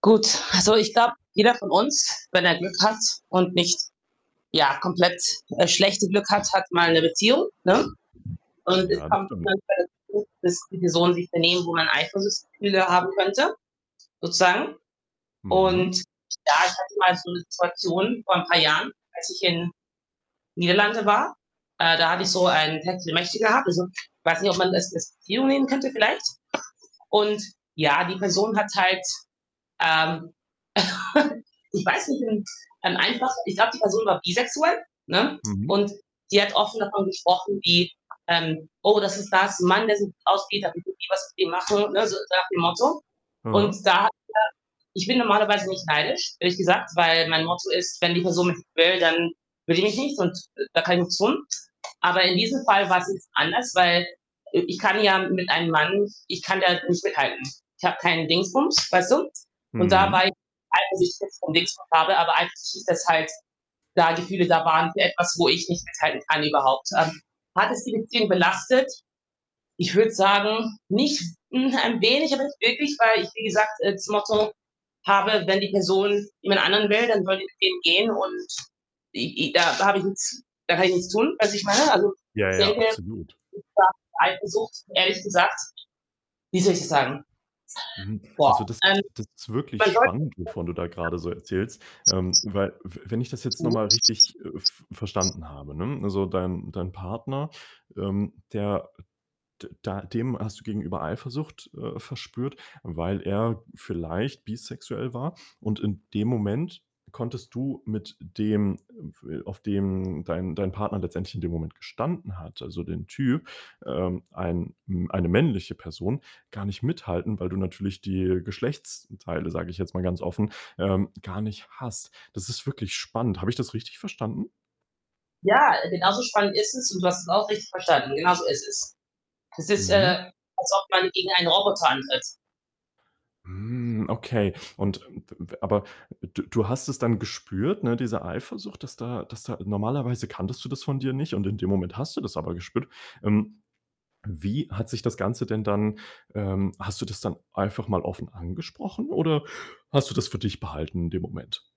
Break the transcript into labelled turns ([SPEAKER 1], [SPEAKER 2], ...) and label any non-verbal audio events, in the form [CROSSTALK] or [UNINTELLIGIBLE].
[SPEAKER 1] Gut, also ich glaube, jeder von uns, wenn er Glück hat und nicht, ja, komplett das schlechte Glück hat, hat mal 'ne Beziehung, ne? Und es
[SPEAKER 2] Ja, das
[SPEAKER 1] kommt
[SPEAKER 2] stimmt.
[SPEAKER 1] [UNINTELLIGIBLE] zu, dass die Personen sich benehmen, wo man Eifersuchtsgefühle haben könnte, sozusagen
[SPEAKER 2] Mhm.
[SPEAKER 1] und ja ich hatte mal so 'ne Situation vor ein paar Jahren, als ich in Niederlande war, äh, da hatte ich so ein Techtelmechtel gehabt. Also ich weiß nicht, ob man das als Beziehung nehmen könnte vielleicht. Und ja, die Person hat halt, ähm, [LAUGHS] ich weiß nicht und ein einfach ich glaube, die Person war bisexuell, ne,
[SPEAKER 2] Mhm.
[SPEAKER 1] und die hat offen davon gesprochen wie, ähm: „Oh, das ist da ist 'n Mann, der [UNINTELLIGIBLE] machen.“ Ne, so so nach dem Motto und
[SPEAKER 2] Aha.
[SPEAKER 1] da hat er ich bin normalerweise nicht neidisch, ehrlich gesagt, weil mein Motto ist, wenn die Person nicht will, dann will die mich nicht und da kann ich nichts tun. Aber in diesem Fall war's jetzt anders, weil, äh, ich kann ja mit einem Mann ich kann da nicht mithalten. Ich habe keinen Dingsbums, weißt du? Und da
[SPEAKER 2] Mhm.
[SPEAKER 1] war ich eifersüchtig, [UNINTELLIGIBLE] so 'n Dingsbums habe, aber eigentlich ist das halt, da Gefühle da waren für etwas, wo ich nicht mithalten kann überhaupt. Ähm, hat es die Beziehung belastet? Ich würde sagen, nicht hm, ein wenig, aber nicht wirklich, weil ich, wie gesagt, äh, das Motto habe, wenn die Person jemand anderen will, dann soll die mit dem gehen und i i da habe ich nichts da kann ich nichts tun, weißt wie ich meine? Also,
[SPEAKER 2] Ja,
[SPEAKER 1] ich
[SPEAKER 2] ja,
[SPEAKER 1] denke,
[SPEAKER 2] absolut.
[SPEAKER 1] es war Eifersucht ehrlich gesagt. Wie soll ich das sagen?
[SPEAKER 2] Mhm,
[SPEAKER 1] [UNINTELLIGIBLE] Boah,
[SPEAKER 2] also das
[SPEAKER 1] ähm,
[SPEAKER 2] ist das ist wirklich
[SPEAKER 1] man sollte
[SPEAKER 2] spannend, wovon du da grade so erzählst. Ähm,
[SPEAKER 1] [UNINTELLIGIBLE]
[SPEAKER 2] weil w wenn ich das jetzt noch mal richtig, äh, v
[SPEAKER 1] [UNINTELLIGIBLE]
[SPEAKER 2] verstanden habe, ne, also dein dein Partner, ähm, der d da dem hast du gegenüber Eifersucht, äh, verspürt, weil er vielleicht bisexuell war, und in dem Moment konntest du mit dem, äh, f auf den dein dein Partner letztendlich in dem Moment gestanden hat, also den Typ, ähm, ein, hm eine männliche Person gar nicht mithalten, weil du natürlich die Geschlechtsteile, sage ich jetzt mal ganz offen, ähm, gar nicht hast. Das ist wirklich spannend. Habe ich das richtig verstanden?
[SPEAKER 1] Ja, äh, genauso spannend ist es und du hast es auch richtig verstanden, genauso ist es. Es ist,
[SPEAKER 2] Mhm.
[SPEAKER 1] äh, als ob man gegen einen Roboter antritt.
[SPEAKER 2] Hm, okay. Und, ähm, w w aber d du hast es dann gespürt, ne, diese Eifersucht, dass da dass da normalerweise kanntest du das von dir nicht und in dem Moment hast du das aber gespürt. Ähm, wie hat sich das Ganze denn dann, ähm hast du das dann einfach mal offen angesprochen oder hast du das für dich behalten in dem Moment?